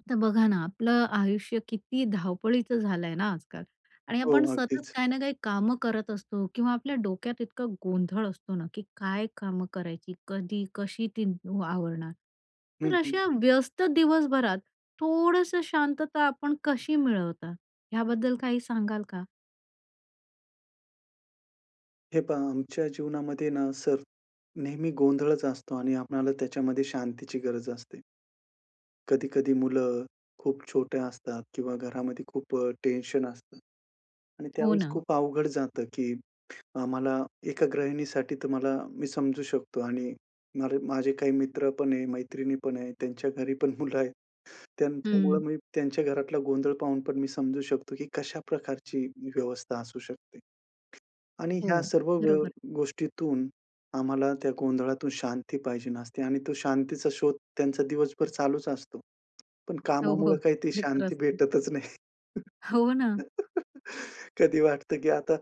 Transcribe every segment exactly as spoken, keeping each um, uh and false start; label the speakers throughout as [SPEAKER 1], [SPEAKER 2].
[SPEAKER 1] आता बघा ना, आपलं आयुष्य किती धावपळीचं झालं आहे ना आजकाल आणि
[SPEAKER 2] हो,
[SPEAKER 1] आपण सतत
[SPEAKER 2] अगदीच.
[SPEAKER 1] काही ना काही कामं करत असतो किंवा आपल्या डोक्यात इतका गोंधळ असतो ना की काय कामं करायची? कधी, कशी ती आवरणार?
[SPEAKER 2] हं,
[SPEAKER 1] तर
[SPEAKER 2] हं.
[SPEAKER 1] अशा व्यस्त दिवसभरात, थोडंसं शांतता आपण कशी मिळवता, ह्याबद्दल काही सांगाल का?
[SPEAKER 2] हे पहा, आमच्या जीवनामध्ये ना, सर नेहमी गोंधळचं असतो आणि आपणाला त्याच्यामध्ये शांतीची गरज असते. कधी-कधी मुलं खूप छोट्या असतात किंवा घरामध्ये खूप अ, टेन्शन असतं आणि
[SPEAKER 1] हो
[SPEAKER 2] त्यावेळेस
[SPEAKER 1] ना.
[SPEAKER 2] खूप अवघड जातं, की अ, मला एका गृहिणीसाठी तुम्हाला मी समजू शकतो आणि मला माझे काही मित्र पण आहे, मैत्रिणी पण आहे त्यांच्या घरी पण मुलं आहेत. त्यांच्यामुळे
[SPEAKER 1] हम्म.
[SPEAKER 2] मी त्यांच्या घरातला गोंधळ पाहून पण मी समजू शकतो, की कशा प्रकारची व्यवस्था असू शकते आणि
[SPEAKER 1] हो,
[SPEAKER 2] ह्या सर्व गो
[SPEAKER 1] बरोबर.
[SPEAKER 2] गोष्टीतून आम्हाला त्या गोंधळातून शांती पाहिजे असते आणि तो शांतीचा शोध त्यांचा दिवसभर चालूचं असतो. पण
[SPEAKER 1] हो, हो,
[SPEAKER 2] कामामुळे काही ती
[SPEAKER 1] ते तर
[SPEAKER 2] शांती
[SPEAKER 1] असतं.
[SPEAKER 2] भेटतचं नाही.
[SPEAKER 1] हो ना.
[SPEAKER 2] कधी वाटतं की आता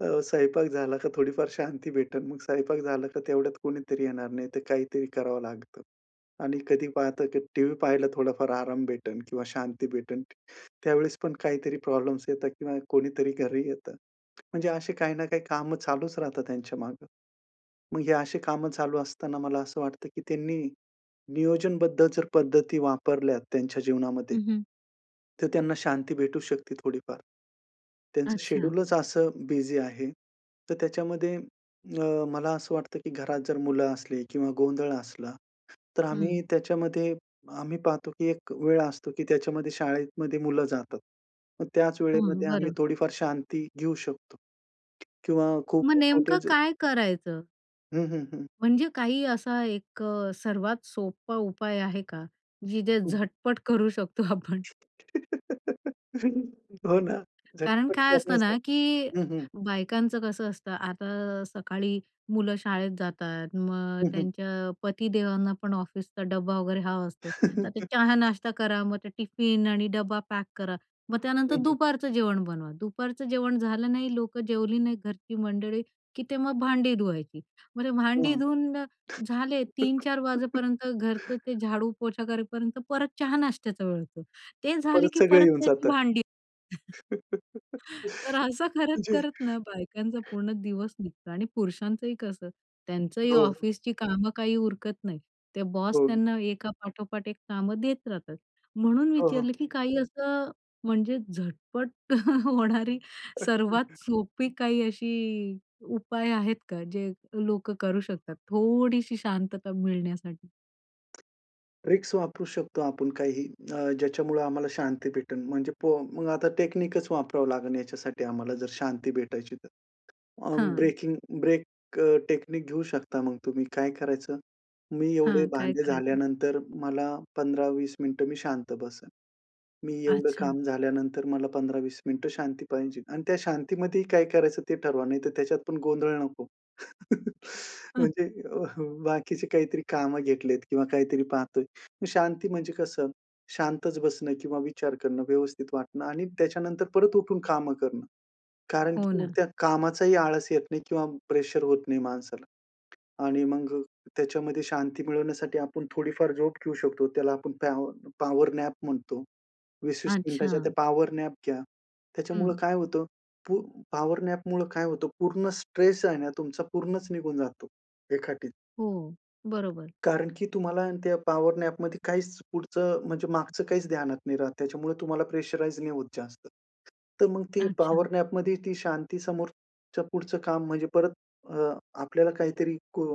[SPEAKER 2] अ, स्वयंपाक झाला का थोडीफार शांती भेटेल. मग स्वयंपाक झालं का, तेवढ्यात कुणीतरी येणार, नाही तर काहीतरी करावं लागतं. आणि कधी पाहतं टीव्ही पाहायला थोडाफार आराम भेटेल किंवा शांती भेटेल. त्यावेळेस पण काहीतरी प्रॉब्लम्स येतात, किंवा कोणीतरी घरी येतं. म्हणजे अशी काही ना काही कामं चालूचं राहतात त्यांच्या मागे. मग हे अशी कामं चालू असताना मला असं वाटतं की त्यांनी नियोजनबद्ध जर पद्धती वापरल्या त्यांच्या जीवनामध्ये
[SPEAKER 1] हं, हं.
[SPEAKER 2] तर त्यांना शांती भेटू शकते थोडीफार. त्यांचं
[SPEAKER 1] अच्छा.
[SPEAKER 2] शेड्यूलचं असं बिझी आहे. तर त्याच्यामध्ये अ, मला असं वाटतं की घरात जर मुलं असले किंवा गोंधळ असला तर
[SPEAKER 1] हं.
[SPEAKER 2] आम्ही त्याच्यामध्ये आम्ही पाहतो, की एक वेळ असतो की त्याच्यामध्ये शाळेमध्ये मुलं जातात. मग त्याच
[SPEAKER 1] हं,
[SPEAKER 2] वेळेमध्ये आम्ही
[SPEAKER 1] बरं.
[SPEAKER 2] थोडीफार शांती घेऊ शकतो किंवा खूप
[SPEAKER 1] मग
[SPEAKER 2] [unintelligible]
[SPEAKER 1] नेमकं
[SPEAKER 2] छोटे.
[SPEAKER 1] काय करायचं?
[SPEAKER 2] हं, हं, हं.
[SPEAKER 1] म्हणजे काही असा एक सर्वात सोपा उपाय आहे का, की जे,
[SPEAKER 2] हं, हं.
[SPEAKER 1] झटपट करू शकतो आपण?
[SPEAKER 2] हो ना.
[SPEAKER 1] कारण
[SPEAKER 2] झटपट
[SPEAKER 1] काय असतं ना,
[SPEAKER 2] करण्यासारखं
[SPEAKER 1] की
[SPEAKER 2] हं, हं.
[SPEAKER 1] बायकांचं कसं असतं आता सकाळी मुलं शाळेत जातात, मग
[SPEAKER 2] हं, हं.
[SPEAKER 1] त्यांच्या पतीदेवांना पण ऑफिसचा डब्बा वगैरे हवा असतो. तर ते चहा नाश्ता करा. मग ते टिफिन आणि डब्बा पॅक करा. मग त्यानंतर
[SPEAKER 2] हं, हं.
[SPEAKER 1] दुपारचं जेवण बनवा. दुपारचं जेवण झालं नाही, लोकं जेवली नाही, घरची मंडळी की ते मग भांडी धुवायची, मग ते
[SPEAKER 2] हं,
[SPEAKER 1] भांडी धुवून झाले
[SPEAKER 2] हं.
[SPEAKER 1] तीन-चार वाजेपर्यंत, घरचं ते झाडू पोछा करेपर्यंत परत चहा नाश्त्याचा वेळ होतो. ते झाले
[SPEAKER 2] परत
[SPEAKER 1] की
[SPEAKER 2] सगळं
[SPEAKER 1] परत
[SPEAKER 2] येऊन
[SPEAKER 1] त्याची
[SPEAKER 2] जातं.
[SPEAKER 1] भांडी. तर असं
[SPEAKER 2] म्हणजे
[SPEAKER 1] करत-करत ना, बायकांचा पूर्ण दिवस निघतो आणि पुरुषांचंही कसं, त्यांचंही
[SPEAKER 2] हो, हो.
[SPEAKER 1] ऑफिसची कामं काही उरकत नाही. ते बॉस
[SPEAKER 2] हो.
[SPEAKER 1] त्यांना एका पाठोपाठ एक कामं देत राहतात. म्हणून
[SPEAKER 2] हो, हो.
[SPEAKER 1] विचारलं, की काही असं म्हणजे झटपट होणारी सर्वात सोपी काही अशी उपाय आहेत का, जे लोकं करू शकतात. थोडीशी शांतता मिळण्यासाठी?
[SPEAKER 2] ट्रिक्स वापरू शकतो आपण काही, अ, ज्याच्यामुळे आम्हाला शांती भेटेल, म्हणजे पहा मग आता टेक्निकच वापरावं लागेल याच्यासाठी, आम्हाला जर शांती भेटायची तर. अ,
[SPEAKER 1] हां.
[SPEAKER 2] ब्रेकिंग ब्रेक टेक्निक घेऊ शकता. मग तुम्ही काय करायचं? मी एवढे
[SPEAKER 1] हां. काय
[SPEAKER 2] भांडे
[SPEAKER 1] करायचं?
[SPEAKER 2] झाल्यानंतर, मला पंधरा-वीस मिनिटं मी शांत बसणं. मी एवढं
[SPEAKER 1] अच्छा.
[SPEAKER 2] काम झाल्यानंतर, मला पंधरा-वीस मिनिटं शांती पाहिजे आणि त्या शांतीमध्ये ही काय करायचं, ते ठरवा. नाही तर त्याच्यात पण गोंधळ नको.
[SPEAKER 1] हं.
[SPEAKER 2] म्हणजे अ, हं, बाकीचे काहीतरी कामं घेतलेत, किंवा काहीतरी पाहतोय. मग शांती म्हणजे कसं, शांतच बसणं किंवा विचार करणं, व्यवस्थित वाटणं आणि त्याच्यानंतर परत उठून कामं करणं. कारण
[SPEAKER 1] हो
[SPEAKER 2] की मग
[SPEAKER 1] ना.
[SPEAKER 2] त्या कामाचा ही आळस येत नाही. किंवा प्रेशर होत नाही माणसाला आणि मग त्याच्यामध्ये शांती मिळवण्यासाठी आपण थोडीफार झोप घेऊ शकतो, त्याला आपण पॅवर पॉवर नॅप म्हणतो. वीस वीस मिनिटांच्या त्या
[SPEAKER 1] अच्छा.
[SPEAKER 2] पॉवर नॅप घ्या. त्याच्यामुळं
[SPEAKER 1] हं.
[SPEAKER 2] काय होतं? पू पॉवर नॅपमुळं काय होतं, पूर्ण स्ट्रेस आहे ना, तुमचा, पूर्णच निघून जातो, एका [unintelligible]
[SPEAKER 1] हो. बरोबर.
[SPEAKER 2] कारण की तुम्हाला आहे ना, त्या पॉवर नॅपमध्ये काहीच पुढचं, म्हणजे मागचं काहीच ध्यानात नाही राहत. त्याच्यामुळे तुम्हाला प्रेशराइज नाही होत जास्त. तर मग ती
[SPEAKER 1] अच्छा.
[SPEAKER 2] पॉवर नॅपमध्ये ती शांती, समोरचं पुढचं काम, म्हणजे परत, अ, आपल्याला काहीतरी, को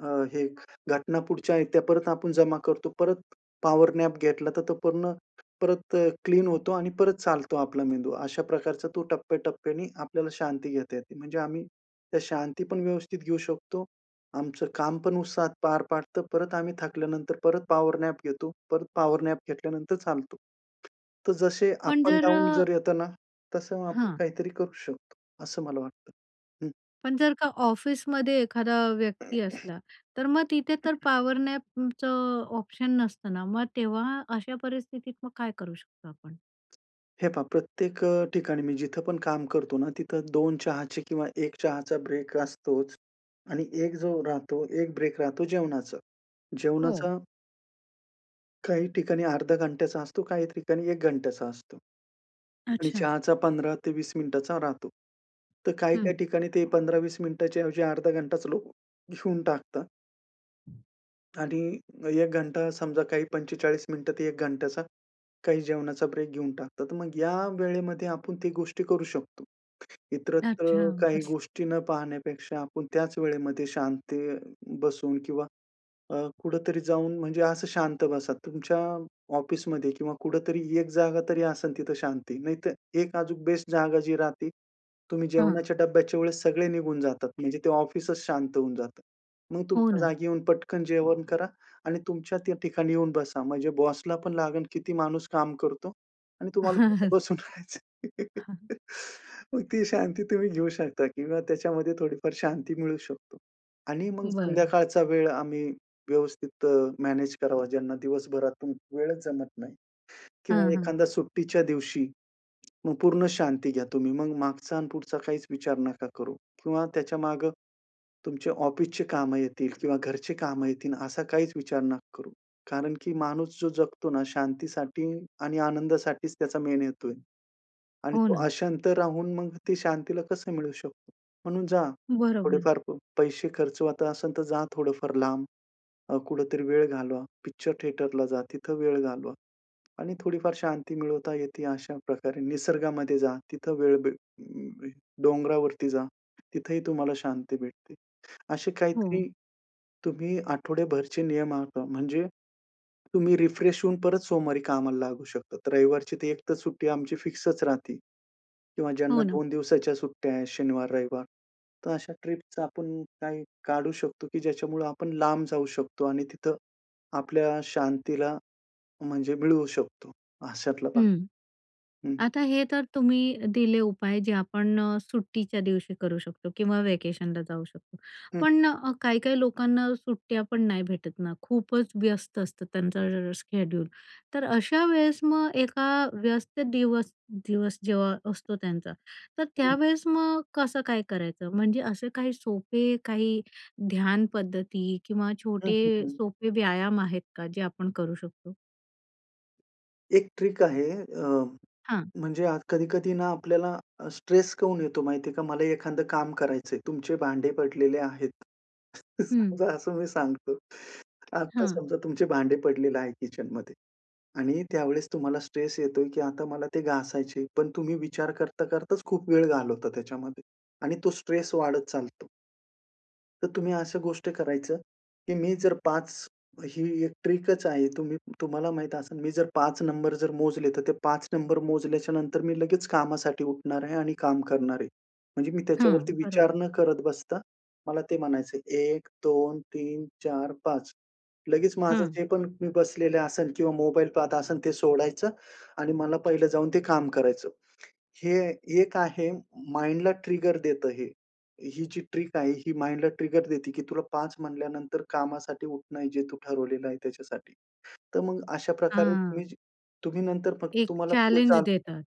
[SPEAKER 2] अ, हे घटना पुढच्या आहेत, त्या परत आपण जमा करतो. परत पॉवर नॅप घेतला, तर तो पूर्ण परत क्लीन होतो आणि परत चालतो आपला मेंदू. अशा प्रकारचा तो टप्प्याटप्प्याने आपल्याला शांती घेता येते, म्हणजे आम्ही, त्या शांती पण व्यवस्थित घेऊ शकतो. आमचं काम पण उत्साहात पार पाडतो. परत आम्ही थकल्यानंतर, परत पॉवर नॅप घेतो. परत पॉवर नॅप घेतल्यानंतर चालतो. तर जसे
[SPEAKER 1] पण
[SPEAKER 2] अप अँड
[SPEAKER 1] जर अ
[SPEAKER 2] डाऊन जर येत ना, तसं आपण
[SPEAKER 1] हां.
[SPEAKER 2] काहीतरी करू शकतो, असं मला वाटतं. हं.
[SPEAKER 1] पण जर का ऑफिसमध्ये एखादा व्यक्ती असला, तर मग तिथे तर पॉवर नॅपचं ऑप्शन नसतं ना? मग तेव्हा अशा परिस्थितीत मग काय करू शकतो आपण?
[SPEAKER 2] हे पहा, प्रत्येक अ, ठिकाणी मी जिथं पण काम करतो ना, तिथं दोन चहाचे किंवा एक चहाचा ब्रेक असतोच आणि एक जो राहतो, एक ब्रेक राहतो, जेवणाचा.
[SPEAKER 1] हो.
[SPEAKER 2] जेवणाचा काही ठिकाणी अर्धा घंट्याचा असतो, काही ठिकाणी एक घंट्याचा असतो आणि
[SPEAKER 1] अच्छा.
[SPEAKER 2] चहाचा पंधरा ते वीस मिनिटांचा राहतो. तर काही-काही
[SPEAKER 1] हं.
[SPEAKER 2] ठिकाणी ते पंधरा ते वीस मिनिटांच्या ऐवजी अर्धा घंटाच लोक घेऊन टाकतात. आणि एक घंटा, समजा काही पंचेचाळीस मिनिटं ते एक घंट्याचा, काही जेवणाचा ब्रेक घेऊन टाकतात, तर मग या वेळेमध्ये आपण ती गोष्टी करू शकतो.
[SPEAKER 1] अच्छा,
[SPEAKER 2] इतरत्र काही
[SPEAKER 1] बरं.
[SPEAKER 2] गोष्टी न पाहण्यापेक्षा, आपण त्याच वेळेमध्ये शांत बसून किंवा अ, कुठेतरी जाऊन, म्हणजे असं शांत बसा तुमच्या ऑफिसमध्ये किंवा कुठेतरी एक जागा तरी असेल तिथं शांती. नाहीतर एक अजून बेस्ट जागा जी राहते, तुम्ही
[SPEAKER 1] हं.
[SPEAKER 2] जेवणाच्या डब्याच्या वेळेस सगळे निघून जातात, म्हणजे ते ऑफिसच शांत होऊन जातं. मग
[SPEAKER 1] हो
[SPEAKER 2] तुमच्या
[SPEAKER 1] ना.
[SPEAKER 2] जागी येऊन पटकन जेवण करा आणि तुमच्या त्या ठिकाणी येऊन बसा, म्हणजे बॉसला पण लागेल किती माणूस काम करतो आणि तुम्हाला फक्त बसून राहायचं आहे. मग ती शांती तुम्ही घेऊ शकता किंवा त्याच्यामध्ये थोडीफार शांती मिळू शकतो आणि मग
[SPEAKER 1] बरं.
[SPEAKER 2] संध्याकाळचा वेळ आम्ही व्यवस्थित अ, मॅनेज करावा, ज्यांना दिवसभरातून वेळच जमत नाही किंवा
[SPEAKER 1] हं, हं.
[SPEAKER 2] एखादा सुट्टीच्या दिवशी, मग पूर्ण शांती घ्या तुम्ही. मग मागचा आणि पुढचा काहीच विचार नका करू किंवा त्याच्यामागे तुमच्या ऑफिसची कामं येतील किंवा घरची कामं येतील, असा काहीच विचार नका करू. कारण की माणूस जो जगतो ना, शांतीसाठी आणि आनंदासाठीच त्याचा मेन हेतु आहे आणि
[SPEAKER 1] हो
[SPEAKER 2] तो
[SPEAKER 1] ना.
[SPEAKER 2] अशांत राहून, मग ती शांतीला कसं मिळू शकतो? म्हणून जा,
[SPEAKER 1] बरोबर.
[SPEAKER 2] थोडेफार प पैसे खर्च असेल, तर जा थोडंफार लांब अ, कुठेतरी वेळ घालवा. पिक्चर थिएटरला जा, तिथं वेळ घालवा आणि थोडीफार शांती मिळवता येते. अशा प्रकारे निसर्गामध्ये जा, तिथं वेळ भे डोंगरावरती जा, तिथं ही तुम्हाला शांती भेटते. असे
[SPEAKER 1] हो.
[SPEAKER 2] काहीतरी तुम्ही आठवडेभरचे नियम आखा, म्हणजे तुम्ही रिफ्रेश होऊन परत सोमवारी कामाला लागू शकतात. रविवारची ती एक तर सुट्टी आमची फिक्सच राहते किंवा ज्यांना
[SPEAKER 1] हो ना.
[SPEAKER 2] दोन दिवसाच्या सुट्ट्या आहेत, शनिवार-रविवार, तर अशा ट्रिपच आपण काही काढू शकतो, की ज्याच्यामुळं आपण लांब जाऊ शकतो आणि तिथं आपल्या शांतीला म्हणजे मिळवू शकतो, अशातला भाग,
[SPEAKER 1] हं,
[SPEAKER 2] हं.
[SPEAKER 1] आता हे तर तुम्ही दिले उपाय, जे आपण सुट्टीच्या दिवशी करू शकतो किंवा व्हॅकेशनला जाऊ शकतो.
[SPEAKER 2] हं.
[SPEAKER 1] पण काही-काही लोकांना सुट्ट्या पण नाही भेटत ना, खूपच व्यस्त असतं त्यांचं [unintelligible] शेड्यूल. तर अशा वेळेस मग एका व्यस्त दिवस दिवस जेव्हा असतो त्यांचा, तर
[SPEAKER 2] हं.
[SPEAKER 1] त्यावेळेस मग कसं काय करायचं? म्हणजे असे काही सोपे, काही ध्यान पद्धती किंवा
[SPEAKER 2] हं,
[SPEAKER 1] छोटे
[SPEAKER 2] हं, हं.
[SPEAKER 1] सोपे व्यायाम आहेत का, जे आपण करू शकतो?
[SPEAKER 2] एक ट्रिक आहे अ,
[SPEAKER 1] हां.
[SPEAKER 2] म्हणजे आत कधी-कधी ना आपल्याला अ, स्ट्रेस काऊन येतो माहिती आहे का? मला एखादं काम करायचं आहे तुमचे भांडे पडलेले आहेत,
[SPEAKER 1] हं.
[SPEAKER 2] समजा असं मी सांगतो, आता
[SPEAKER 1] हं.
[SPEAKER 2] समजा तुमचे भांडे पडलेले आहे किचनमध्ये आणि त्यावेळेस तुम्हाला स्ट्रेस येतोय, की आता मला ते घासायचे, पण तुम्ही विचार करता करताच खूप वेळ घालवता त्याच्यामध्ये आणि तो स्ट्रेस वाढत चालतो. तर तुम्ही अशा गोष्ट करायचं, की मी जर पाच ही एक ट्रिकच आहे, तुम्ही तुम्हाला माहीत असेल मी जर पाच नंबर जर मोजले तर ते पाच नंबर मोजल्याच्यानंतर मी लगेच कामासाठी उठणार आहे आणि काम करणार आहे. म्हणजे मी त्याच्यावरती
[SPEAKER 1] हां.
[SPEAKER 2] विचार
[SPEAKER 1] बरोबर.
[SPEAKER 2] न करत बसता, मला ते म्हणायचंय, एक, दोन, तीन, चार, पाच, लगेच माझं
[SPEAKER 1] हं.
[SPEAKER 2] जे पण मी बसलेलं असेल किंवा मोबाईल पाहत असेल, ते सोडायचं आणि मला पहिलं जाऊन ते काम करायचं. हे एक आहे माइंडला ट्रिगर देतं हे, ही जी ट्रिक आहे. ही माइंडला ट्रिगर देते की तुला पाच म्हणल्यानंतर कामासाठी उठणं जे तू ठरवलेलं आहे त्याच्यासाठी. तर मग अशा प्रकारे तुम्ही,
[SPEAKER 1] हां.
[SPEAKER 2] तुम्ही नंतर फक्त
[SPEAKER 1] एक
[SPEAKER 2] तुम्हाला पुढे
[SPEAKER 1] चॅलेंज
[SPEAKER 2] चालू
[SPEAKER 1] देतात.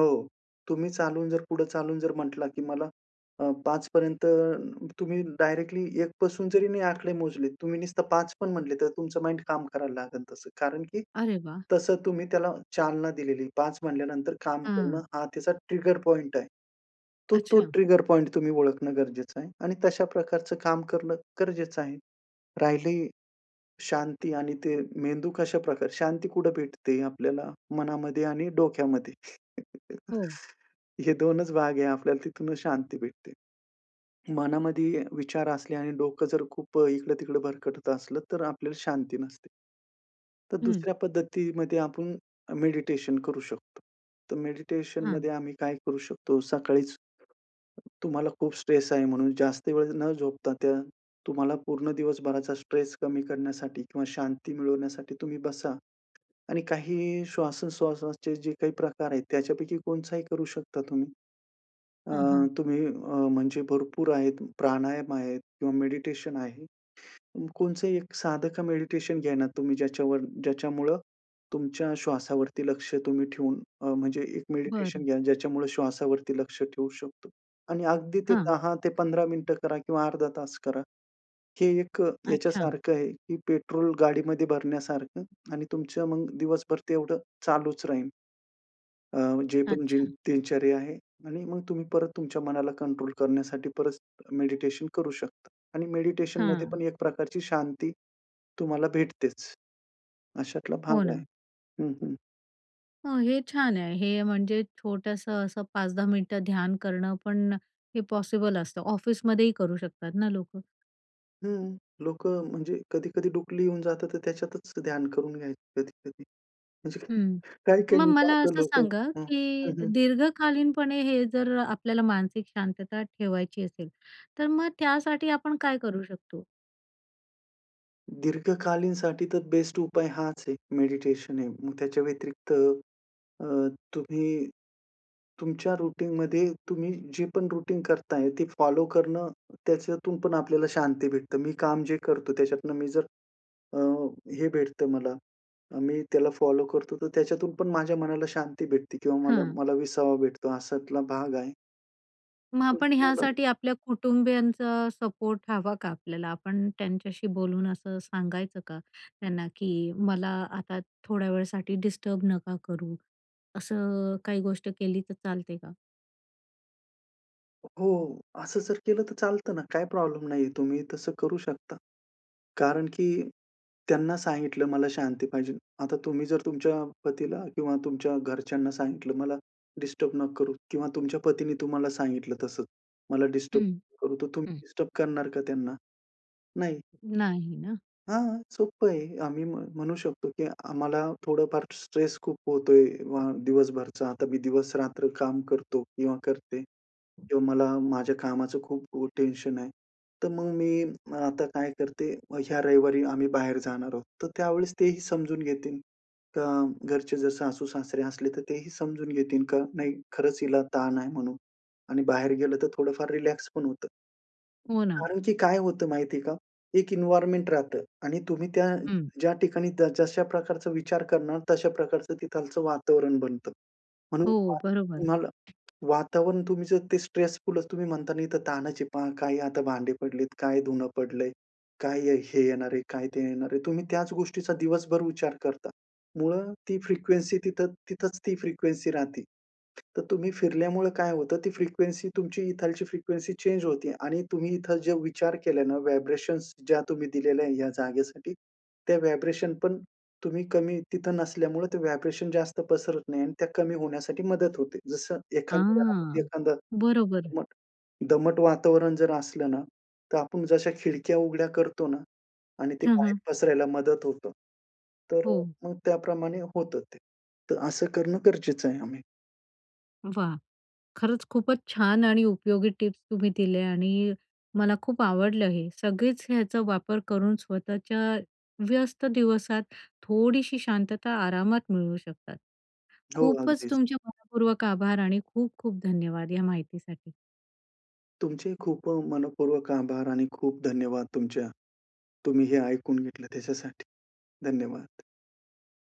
[SPEAKER 2] हो. तुम्ही चालून जर पुढे चालून जर म्हटला, की मला अ, पाच पर्यंत, तुम्ही डायरेक्टली एक पासून जरी नाही आकडे मोजले, तुम्ही नुसतं पाच पण म्हटले तर तुमचं माइंड काम करायला लागेल तसं. कारण की
[SPEAKER 1] अरे वाह!
[SPEAKER 2] तसं तुम्ही त्याला चालना दिलेली, पाच म्हटल्यानंतर काम करणं
[SPEAKER 1] हं.
[SPEAKER 2] हा त्याचा ट्रिगर पॉइंट आहे. तो, तो
[SPEAKER 1] अच्छा.
[SPEAKER 2] ट्रिगर पॉइंट तुम्ही ओळखणं गरजेचं आहे. आणि तशा प्रकारचं काम करणं गरजेचं आहे. राहिली, शांती आणि ते मेंदू कशा प्रकारचे, शांती कुठे भेटते आपल्याला? मनामध्ये आणि डोक्यामध्ये
[SPEAKER 1] हो.
[SPEAKER 2] हे दोनच भाग आहे, आपल्याला तिथूनच शांती भेटते. मनामध्ये विचार असले आणि डोकं जर खूप अ, इकडं-तिकडं भरकटत असलं तर आपल्याला शांती नसते. तर
[SPEAKER 1] हं.
[SPEAKER 2] दुसऱ्या पद्धतीमध्ये आपण अ, मेडिटेशन करू शकतो. तर मेडिटेशनमध्ये
[SPEAKER 1] हं.
[SPEAKER 2] आम्ही काय करू शकतो, सकाळीच तुम्हाला खूप स्ट्रेस आहे. म्हणून जास्त वेळ न झोपता, त्या तुम्हाला पूर्ण दिवसभराचा स्ट्रेस कमी करण्यासाठी किंवा शांती मिळवण्यासाठी, तुम्ही बसा आणि काही श्वासोच्छ्वासाचे जे काही प्रकार आहेत, त्याच्यापैकी कोणचाही करू शकता तुम्ही. अ,
[SPEAKER 1] हं, हं.
[SPEAKER 2] तुम्ही अ, म्हणजे भरपूर आहेत प्राणायाम आहेत किंवा मेडिटेशन आहे. कोणचंही एक साध का मेडिटेशन घ्या ना तुम्ही, ज्याच्यावर ज्याच्यामुळं तुमच्या श्वासावरती लक्ष तुम्ही ठेवून अ, म्हणजे एक
[SPEAKER 1] बरं.
[SPEAKER 2] मेडिटेशन घ्या, ज्याच्यामुळे श्वासावरती लक्ष ठेवू शकतो. आणि अगदी ते
[SPEAKER 1] हां.
[SPEAKER 2] दहा ते पंधरा मिनिटं करा किंवा अर्धा तास करा. हे एक
[SPEAKER 1] अच्छा.
[SPEAKER 2] याच्यासारखं आहे, की पेट्रोल गाडीमध्ये भरण्यासारखं आणि तुमचं मग दिवसभर ते एवढं चालूच राहील. अ, जे पण जी
[SPEAKER 1] अच्छा.
[SPEAKER 2] दिनचर्या आहे आणि मग तुम्ही परत तुमच्या मनाला कंट्रोल करण्यासाठी, परत मेडिटेशन करू शकता आणि मेडिटेशन मध्ये पण
[SPEAKER 1] हां.
[SPEAKER 2] एक प्रकारची शांती तुम्हाला भेटतेच. अशातला
[SPEAKER 1] हो
[SPEAKER 2] भाग आहे.
[SPEAKER 1] ना.
[SPEAKER 2] हं, हं.
[SPEAKER 1] हो, हे छान आहे. हे म्हणजे छोटंसं असं पाच-दहा मिनिटं ध्यान करणं पण हे पॉसिबल असतं, ऑफिसमध्येही करू शकतात ना लोकं.
[SPEAKER 2] हं. लोकं म्हणजे कधी-कधी डुपली येऊन जातं तर त्याच्यातच ध्यान करून घ्यायचं कधी-कधी, म्हणजे
[SPEAKER 1] हं.
[SPEAKER 2] काही-काही
[SPEAKER 1] मग
[SPEAKER 2] मी
[SPEAKER 1] मला
[SPEAKER 2] पाहतो
[SPEAKER 1] असं
[SPEAKER 2] लोकं
[SPEAKER 1] सांगा,
[SPEAKER 2] हं, हं,
[SPEAKER 1] की
[SPEAKER 2] हं.
[SPEAKER 1] दीर्घकालीनपणे हे जर आपल्याला मानसिक शांतता ठेवायची असेल, तर मग त्यासाठी आपण काय करू शकतो?
[SPEAKER 2] दीर्घकालीनसाठी तर बेस्ट उपाय हाच आहे मेडिटेशन आहे. मग त्याच्या व्यतिरिक्त अ, तुम्ही तुमच्या रुटीनमध्ये तुम्ही जे पण रुटीन करताय ते फॉलो करणं, त्याच्यातून पण आपल्याला शांती भेटते. मी काम जे करतो त्याच्यातनं मी जर अ, हे भेटतं मला, अ, मी त्याला फॉलो करतो, तर त्याच्यातून पण माझ्या मनाला शांती भेटते किंवा मला
[SPEAKER 1] हं.
[SPEAKER 2] मला विसावा भेटतो अशातला भाग आहे.
[SPEAKER 1] मग
[SPEAKER 2] तसं
[SPEAKER 1] आपण
[SPEAKER 2] मलाही
[SPEAKER 1] ह्यासाठी आपल्या कुटुंबियांचा सपोर्ट हवा का आपल्याला? आपण त्यांच्याशी बोलून असं सांगायचं का त्यांना, की "मला आता थोड्या वेळासाठी डिस्टर्ब नका करू." असं काही गोष्ट केली तर चालते का?
[SPEAKER 2] हो, असं जर केलं तर चालतं ना? काही प्रॉब्लेम नाहीये, तुम्ही तसं करू शकता. कारण की त्यांना सांगितलं, मला शांती पाहिजे. आता तुम्ही जर तुमच्या पतीला किंवा तुमच्या घरच्यांना सांगितलं, मला डिस्टर्ब नका करू, किंवा तुमच्या पतीने तुम्हाला सांगितलं तसंच, मला डिस्टर्ब
[SPEAKER 1] हं.
[SPEAKER 2] नका करू. तर तुम्ही
[SPEAKER 1] हं.
[SPEAKER 2] डिस्टर्ब करणार का त्यांना? नाही.
[SPEAKER 1] नाही ना?
[SPEAKER 2] हां, हां, सोपं आहे. आम्ही मग म्हणू शकतो, की आम्हाला थोडंफार स्ट्रेस खूप होतोय अ, दिवसभरचा. आता मी दिवसरात्र काम करतो किंवा करते, किंवा मला माझ्या कामाचं खूप खू टेन्शन आहे. तर मग मी मग आता काय करते? मग ह्या रविवारी आम्ही बाहेर जाणार आहोत, तर त्यावेळेस तेही समजून घेतील का घरचे, जर सासू-सासरे असले, तर तेही समजून घेतील का? नाही, खरंच हिला ताण आहे म्हणून आणि बाहेर गेलं तर थोडं फार रिलॅक्स पण होतं.
[SPEAKER 1] हो ना.
[SPEAKER 2] कारण की काय होतं माहिती आहे का? एक एन्व्हायर्नमेंट राहतं आणि तुम्ही त्या
[SPEAKER 1] हं.
[SPEAKER 2] ज्या ठिकाणी द जशा प्रकारचा विचार करणार, तशा प्रकारचं तिथलंच वातावरण बनतं. म्हणून
[SPEAKER 1] हो,
[SPEAKER 2] फार
[SPEAKER 1] बरोबर.
[SPEAKER 2] तुम्हाला वातावरण, तुम्ही जर ते स्ट्रेसफुलच तुम्ही म्हणता ना, इथं ताणाचं आहे पहा, काही आता भांडे पडली आहेत, काय धुणं पडलंय, काय ये हे येणार आहे, काय ते येणार आहे, तुम्ही त्याच गोष्टीचा दिवसभर विचार करता. मूळं ती फ्रिक्वेन्सी तिथं तिथंच ती फ्रिक्वेन्सी राहते. तर तुम्ही फिरल्यामुळं काय होतं, ती फ्रिक्वेन्सी तुमची इथलची फ्रिक्वेन्सी चेंज होते आणि तुम्ही इथंल जे विचार केले ना, व्हायब्रेशनस ज्या तुम्ही दिलेल्या या जागेसाठी, त्या व्हायब्रेशन पण तुम्ही कमी तिथं नसल्यामुळं, ते व्हायब्रेशन जास्त पसरत नाही आणि त्या कमी होण्यासाठी मदत होते. जसं एखाद्या घरामध्ये
[SPEAKER 1] हां,
[SPEAKER 2] एखादं
[SPEAKER 1] बरोबर.
[SPEAKER 2] दमट दमट वातावरण जर असलं ना, तर आपण जशा खिडक्या उघड्या करतो ना आणि ते
[SPEAKER 1] हं,
[SPEAKER 2] बाहेर
[SPEAKER 1] हं.
[SPEAKER 2] पसरायला मदत होतं, तर अ,
[SPEAKER 1] हो.
[SPEAKER 2] मग त्याप्रमाणे होतं ते. तर असं करणं गरजेचं आहे आम्ही.
[SPEAKER 1] वाह! खरंच खूपच छान आणि उपयोगी टिप्स तुम्ही दिल्या आणि मला खूप आवडलं हे. सगळेच याचा वापर करून स्वतःच्या व्यस्त दिवसात थोडीशी शांतता आरामात मिळवू शकतात.
[SPEAKER 2] हो,
[SPEAKER 1] खूपच
[SPEAKER 2] अगदीच.
[SPEAKER 1] तुमचे मनःपूर्वक आभार आणि खूप-खूप धन्यवाद या माहितीसाठी.
[SPEAKER 2] तुमचेही खूप अ, मनःपूर्वक आभार आणि खूप धन्यवाद तुमच्या तुम्ही हे ऐकून घेतलं त्याच्यासाठी. धन्यवाद.